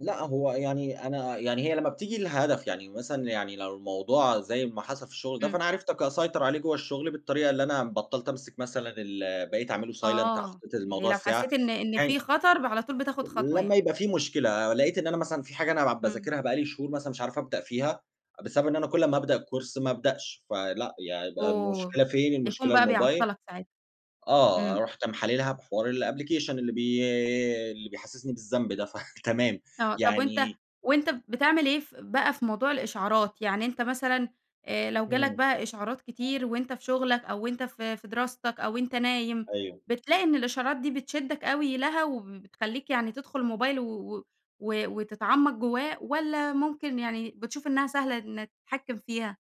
لأ، هو يعني أنا يعني هي لما بتيجي لهدف يعني، مثلًا يعني لو الموضوع- زي ما حصل في الشغل ده- إمم. فأنا عرفت ك أسيطر عليه جوا الشغل بالطريقة اللي أنا بطَّلت أمْسك مثلًا ال بقيت أعْمَله silent آه، حطيت يعني الموضوع لو الساعة، حسّيت إن إن في يعني خطر ب على طول بتاخد خطوة لما يعني. يبقى في مشكلة، لقيت إن أنا مثلًا في حاجة أنا بع إمم. بَاذاكِرها بقى لي شهور مثلًا مش عارف أبدأ فيها، بسبب إن أنا كل ما أبدأ الكورس ما ابدأش، فلأ، يعني ده أوه! المشكلة فين، التليفون المشكلة بقى الموبايل، بيعطَّلك ساعتها، آه إمم. رُحت م حالِلْها بحوار الأبلكيشن اللي بي اللي بيحسسني بالذنب ده، ف تمام، آه، طب وأنت يعني وأنت بتعمل إيه ف بقى في موضوع الإشْعارات؟ يعني أنت مثلًا، آآ لو جالك إمم. بقى إشْعارات كتير وأنت في شغلك أو وأنت في في دراستك أو أنت نايم، أيوه. بتلاقي إن الإشعارات دي بتْشدِّك أوي لها وبتخلّيك يعني تدخل الموبايل و و و وتتعمق جواه والّا ممكن يعني بتشوف إنها سهلة إنك تتحكم فيها؟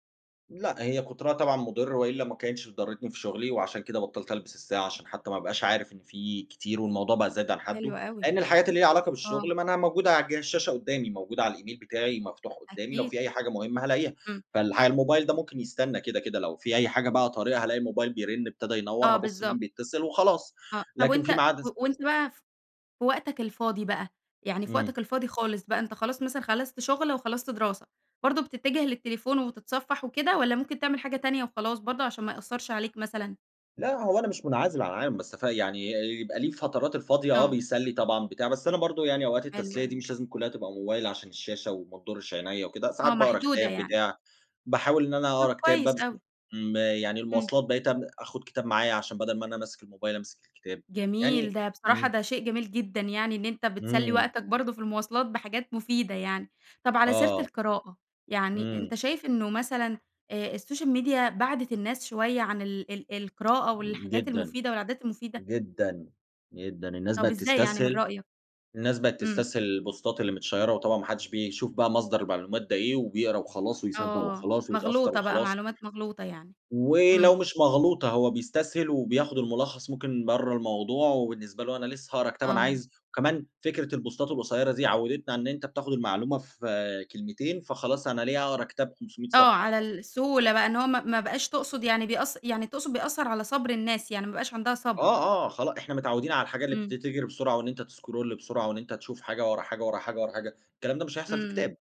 لأ، هي كُتْرها طبعًا مُضر وإلا ما كانتش ضرْتني في شغلي وعشان كده بطّلت ألبس الساعة، عشان حتى ما أبقاش عارف إن في كتير والموضوع بقى زاد عن حده، حلوة أوي لأن الحاجات اللي ليها علاقة آه. بالشغل ما أنا موجودة على جهاز الشاشة قدامي، موجودة على الإيميل بتاعي مفتوح قدامي، لو أكيد. في أي حاجة مهمة هالاقيها. إمم. فالح الموبايل ده ممكن يسْتَنى كده، كده، لو في أي حاجة بقى طارئة هالاقي الموبايل بيرن، ابتدى ينور، آه، هابُص بالضبط. مين بيتصل وخلاص. آه، طب لكن وأنت في ميعاد و الس وأنت بقى ف في وقتك الفاضي بقى يعني في وقتك إمم. الفاضي خالص بقى، أنت خلاص مثلًا خلصت شُغل وخلصت دراسة، برضه بتتجه للتليفون وتتْصفّح وكده والّا ممكن تعمل حاجة تانية وخلاص، برضه عشان ما يأثرش عليك مثلًا؟ لأ، هو أنا مش مُنْعزل عن العالم، بس ف يعني يبقى له الفترات الفاضية، آه آه. بيسلّي طبعًا، بتاع، بس أنا برضه يعني أوقات حلو التسلية دي أوي. مش لازم كلها تبقى موبايل، عشان الشاشة وما تِضُرِّش عِنَيَّا وكده. ساعات آه، باقرأ محدودة كتاب، يعني. بتاع، باحاول إن أنا طب أقرا كتاب كويس ببس أوي. آمم، يعني إمم. المواصلات بقيت أم آخد كتاب معايا عشان بدل ما أنا ماسك الموبايل أمسك الكتاب. جميل، يعني ده بصراحة إمم. ده شيء جميل جدًا يعني إن أنت بتسلّي إمم. وقتك برضه في المواصلات بحاجات مفيدة يعني. طب على سيرة آه. القراءة، يعني أنت إمم. شايف إنه مثلًا، آآ السوشيال ميديا بعَدِت الناس شوية عن ال ال القراءة والحاجات جدًا، المفيدة والعادات المفيدة؟ جدًا، جدًا، الناس طب بقيت إزاي يعني من تسْتسْهل رأيك؟ الناس بقيت إمم. تسْتسْهل البوستات اللي متْشيَّرة وطبعًا ما حدش بيشوف بقى مصدر المعلومات ده إيه، وبيقرا وخلاص ويصدق آه، وخلاص ويتأثر مغْلوطة بقى، وخلاص. معلومات مغْلوطة يعني. ولو إمم. مش مغْلوطة، هو بيسْتسْهل وبياخد المُلخص ممكن برّا الموضوع وبالنسبة له أنا لسه هاقرا كتاب أنا آه. عايز كمان فكرة البُوستات القصيرة دي عوِّدتْنا إن أنت بتاخد المعلومة في كلمتين، فخلاص، أنا ليه هاقرا كتاب 500 آه، صفحة؟! على ف السهولة بقى إن هو ما ما بقاش تقصد يعني بيأث يعني تقصد بيأثر على صبر الناس، يعني مابقاش عندها صبر. آه، آه، خلاص، إحنا متعودين على الحاجة اللي بت إمم. بتجري بسرعة وإن أنت تscroll بسرعة وإن أنت تشوف حاجة، ورا حاجة، ورا حاجة، ورا حاجة، الكلام ده مش هيحصل في إمم. كتاب.